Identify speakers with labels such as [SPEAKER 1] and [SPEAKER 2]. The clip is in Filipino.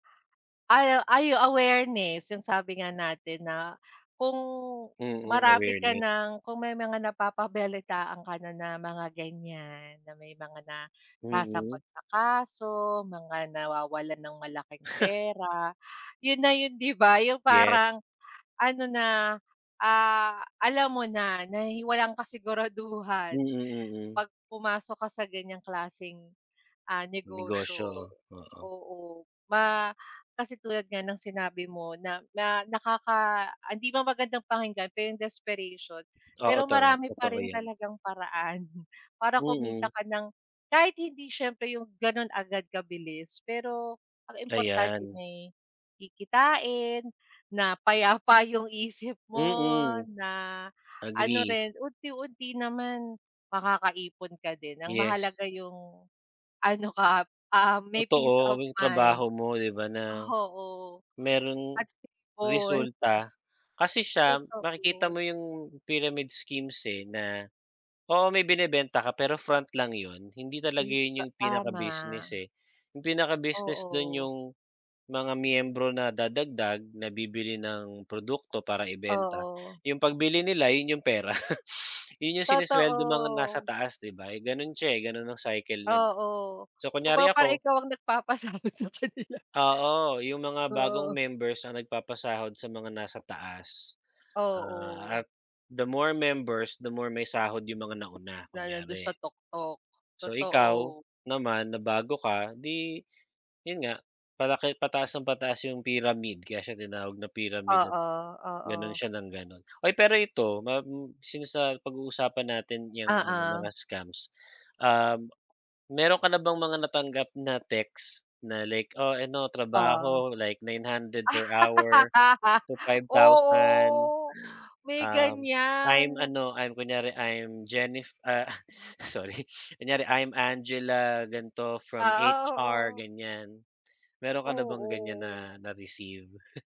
[SPEAKER 1] Ay, o ay, o awareness, 'yung sabi nga natin na kung
[SPEAKER 2] Mhm,
[SPEAKER 1] marami ka
[SPEAKER 2] awareness.
[SPEAKER 1] nang, kung may mga napapabalitaan ka na na mga ganyan, na may mga
[SPEAKER 2] Mm.
[SPEAKER 1] nasasangkot sa kaso, mga nawawalan ng malaking pera, 'yon na 'yon, 'di ba? 'Yung
[SPEAKER 2] Yes.
[SPEAKER 1] parang ano na, ah, alam mo na nahi walang
[SPEAKER 2] Mm,
[SPEAKER 1] kasiguraduhan
[SPEAKER 2] mm.
[SPEAKER 1] pag pumasok ka sa ganyang klaseng, ah, negosyo,
[SPEAKER 2] Negosyo, oo.
[SPEAKER 1] oo. Ma kasi tulad nga ng sinabi mo na na nakaka ah, hindi man magandang pakinggan pero 'yung desperation.
[SPEAKER 2] Oo,
[SPEAKER 1] Pero
[SPEAKER 2] totot
[SPEAKER 1] marami pa
[SPEAKER 2] totoo
[SPEAKER 1] rin
[SPEAKER 2] 'yan.
[SPEAKER 1] talagang paraan para kumita
[SPEAKER 2] Mm.
[SPEAKER 1] ka ng kahit hindi siyempre 'yung gano'n agad kabilis, pero ang importante
[SPEAKER 2] Ayan.
[SPEAKER 1] may kikitain, na payapa 'yung isip mo,
[SPEAKER 2] Mm.
[SPEAKER 1] na ano
[SPEAKER 2] Agree.
[SPEAKER 1] rin, unti-unti naman makakaipon ka din. Ang
[SPEAKER 2] Yes.
[SPEAKER 1] mahalaga 'yung, ano ka, ah, may peace
[SPEAKER 2] Totoo,
[SPEAKER 1] of
[SPEAKER 2] yung trabaho
[SPEAKER 1] mind.
[SPEAKER 2] mo, 'di ba na,
[SPEAKER 1] Oo,
[SPEAKER 2] mayrong
[SPEAKER 1] at stable.
[SPEAKER 2] resulta. Kasi siya makikita
[SPEAKER 1] Totoo.
[SPEAKER 2] mo 'yung pyramid schemes eh, na oo may binebenta ka pero front lang 'yon. Hindi
[SPEAKER 1] I
[SPEAKER 2] talaga 'yon
[SPEAKER 1] ta
[SPEAKER 2] 'yung pinaka-business,
[SPEAKER 1] tama.
[SPEAKER 2] eh. 'Yung pinaka-business doo'n
[SPEAKER 1] Oo.
[SPEAKER 2] 'yung mga miyembro na dadagdag, na bibili ng produkto para ibenta.
[SPEAKER 1] Oo.
[SPEAKER 2] 'Yung pagbili nila, 'yon 'yung pera. 'Yon 'yung sinesuweldo ng mga nasa
[SPEAKER 1] Totoo.
[SPEAKER 2] taas 'di ba? Eh, gano'n siya, eh. Gano'n ang cycle no'n.
[SPEAKER 1] Oo,
[SPEAKER 2] So, kunyari
[SPEAKER 1] kumbaga parang
[SPEAKER 2] ako
[SPEAKER 1] ikaw ang nagpapasabit sa kanila.
[SPEAKER 2] Oo, 'yung mga bagong
[SPEAKER 1] Oo.
[SPEAKER 2] members ang nagpapasahod sa mga nasa taas.
[SPEAKER 1] Oo.
[SPEAKER 2] Ah, at the more members, the more may sahod 'yung mga nauna,
[SPEAKER 1] Na nando'n sa
[SPEAKER 2] kunyari.
[SPEAKER 1] tuktok,
[SPEAKER 2] So, ikaw
[SPEAKER 1] totoo.
[SPEAKER 2] naman na bago ka 'di 'yon nga, palaki pataasa ng pataas 'yung pyramid kaya siya tinawag na pyramid at
[SPEAKER 1] Oo,
[SPEAKER 2] gano'n
[SPEAKER 1] oo.
[SPEAKER 2] siya nang gano'n. Oy, pero ito ma m since napag-uusapan natin 'yang ano mga
[SPEAKER 1] Oo.
[SPEAKER 2] scams, ah, mayro'n ka na bang mga natanggap na text na like, "Oh, ano
[SPEAKER 1] Oh.
[SPEAKER 2] trabaho, like 900 per hour to 5,000.
[SPEAKER 1] Oo, may
[SPEAKER 2] "Um, "I'm
[SPEAKER 1] ganyan.
[SPEAKER 2] ano, I'm kunyari, I'm Jennif-" Ah, sorry. Kunyari, "I'm Angela ganito from
[SPEAKER 1] Oo,
[SPEAKER 2] HR"
[SPEAKER 1] oo.
[SPEAKER 2] ganyan. Mayro'n ka na bang ganyan
[SPEAKER 1] Oo.
[SPEAKER 2] na na-received?